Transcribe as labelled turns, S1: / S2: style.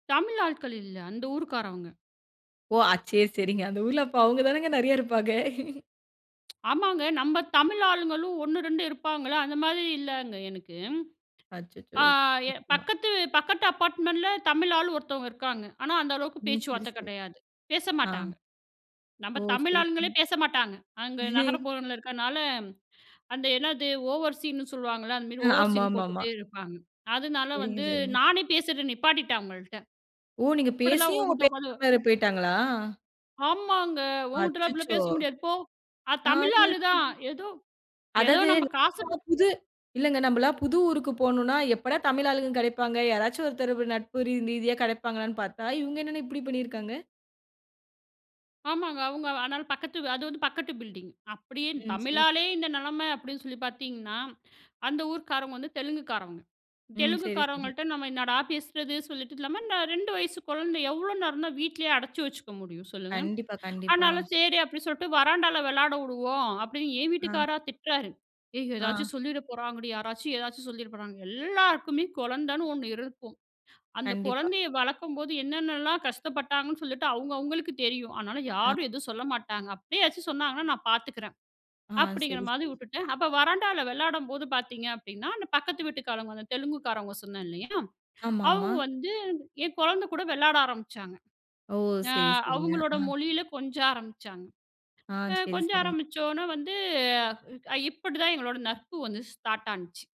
S1: தமிழ் ஆள்கள் இல்ல. அந்த ஊர்க்காரவங்க.
S2: ஓ! ஆச் சே சரிங்க. அந்த ஊர்ல அப்பா அவங்க தானங்க நறைய இருப்பாங்க.
S1: ஆமாங்க. நம்ம தமிழ் ஆளுங்களும் 1, 2 இருப்பாங்கல. அந்த மாதிரி இல்லங்க எனக்கு.
S2: அச்சச்சோ!
S1: ஆ எ
S2: [unintelligible]
S1: பக்கத்து பக்கத்து அபார்ட்மெண்ட்ல தமிழ் ஆளு ஒருத்தொங்க இருக்காங்க. ஆனா அந்த அளவுக்கு
S2: ம். சரி,
S1: பேச்சுவார்த்த
S2: சரி.
S1: கடையாது.
S2: ஆ.
S1: பேசமாட்டாங்க. நம்ம
S2: ஓ!
S1: தமிழ்
S2: சரி.
S1: ஆளுங்களே
S2: ம்.
S1: பேசமாட்டாங்க. அங்க நகரப்புரோல இருக்கனால, அந்த என்னது ஓவர் ஸீன்னு சொல்லுவாங்கல. அந்த மாரி ஓவர் ஸீன்னு
S2: ஆமாமாம்மா.
S1: போட்டுட்டு இருப்பாங்க. அதனால
S2: சரிங்க,
S1: வந்து
S2: சரிங்க.
S1: நானே பேசுறது நிப்பாட்டிட்டே அவங்கள்ட்ட.
S2: ஓ! நீங்கப்
S1: இப்டிலா
S2: பேசியும், அவங்க பேசாம
S1: [unintelligible]
S2: வேற போயிட்டாங்களா?
S1: ஆமாங்க. உன்கிட்டல அப்டிலா
S2: அச்சச்சோ!
S1: பேச முடியாது போ. ஆ
S2: ஆயோ.
S1: தமிழாளு தான். ஏதோ ஏதோ
S2: அதாது
S1: நம்ப காசுப்
S2: நம்மலா புது இல்லங்க நம்மலா புது ஊருக்குப் போணுனா எப்படா தமிழ் ஆளுக கடைப்பாங்க. யாராச்சு ஒருத்தர் ப நட்பு ரீதியா கடைப்பாங்களான்னு பாத்தா, இவங்க என்னன்னா இப்டி பண்ணிருக்காங்க?
S1: ஆமாங்க. அவங்க ஆனால பக்கத்து, அது வந்து பக்கத்து பில்டிங். அப்டியே
S2: ம். சரி, சரி.
S1: தமிழாலே இந்த நிலைமை அப்டின்னு சொல்லிப் பாத்தீங்கன்னா, அந்த ஊர்க்காரங்க வந்து தெலுங்கு காரவங்க.
S2: ம்.
S1: தெலுங்கு
S2: சரி, சரி.
S1: காரங்கள்ட்ட நம்ம என்னடா பேசுறது சொல்லிட்டு இல்லாம, இந்த 2 வயசு குழந்த எவ்ளோ நேரம் தான் வீட்லயே அடைச்சு வச்சுக்க முடியும் சொல்லுங்க.
S2: கண்டிப்பா, கண்டிப்பா.
S1: ஆனால செரி அப்டி சொல்லிட்டு, வராண்டால விளையாடவுடுவோ, அப்டின்னு என்
S2: ஆ.
S1: வீட்டுக்கார்ரா திட்டுறாரு. ஏய் எதாச்சு
S2: ஆ.
S1: சொல்லிறபோறாங்கடி. யாராச்சு எதாச்சு சொல்லிறபோறாங்க. "எல்லாருக்குமே குழந்தன்னு ஒன்னு இருக்கும். அந்தக்
S2: கண்டிப்பா.
S1: குழந்தையை வளக்கும் போது என்னென்னல்லா கஷ்டப்பட்டங்கணு சொல்லிட்டு, அவங்க அவங்களுக்கு தெரியும். அதனால
S2: ஆ.
S1: யாரும் எதுவும் சொல்லமாட்டாங்க. அப்டியே ஏதாச்சும் சொன்னாங்கனா, நான் பாத்துக்குறேன்"
S2: ஆ.
S1: அப்டிங்கற
S2: சரி,
S1: மாரி
S2: சரி.
S1: வுட்டுட்டேன். அப்போ வராண்டால விளையாடும்போது பாத்தீங்க அப்டின்னா, அந்தப் பக்கத்து வீட்டுக்காரங்க, தெலுங்கு காரங்க சொன்னே இல்லையா?
S2: ஆமாமா.
S1: அவங்க வந்து என் குழந்த கூட விளையாட ஆரம்பிச்சாங்க.
S2: ஓ!
S1: அ
S2: சரி, சரிங்க.
S1: அவங்களோட
S2: ஆ.
S1: மொழியில கொஞ்ச ஆரம்பிச்சாங்க.
S2: ஆ.
S1: அ
S2: சரி,
S1: கொஞ்ச
S2: சரி.
S1: ஆரம்பிச்சோன வந்து, அ இப்டி தான் எங்களோட நட்பு வந்து ஸ்டார்ட் ஆன்ச்சு.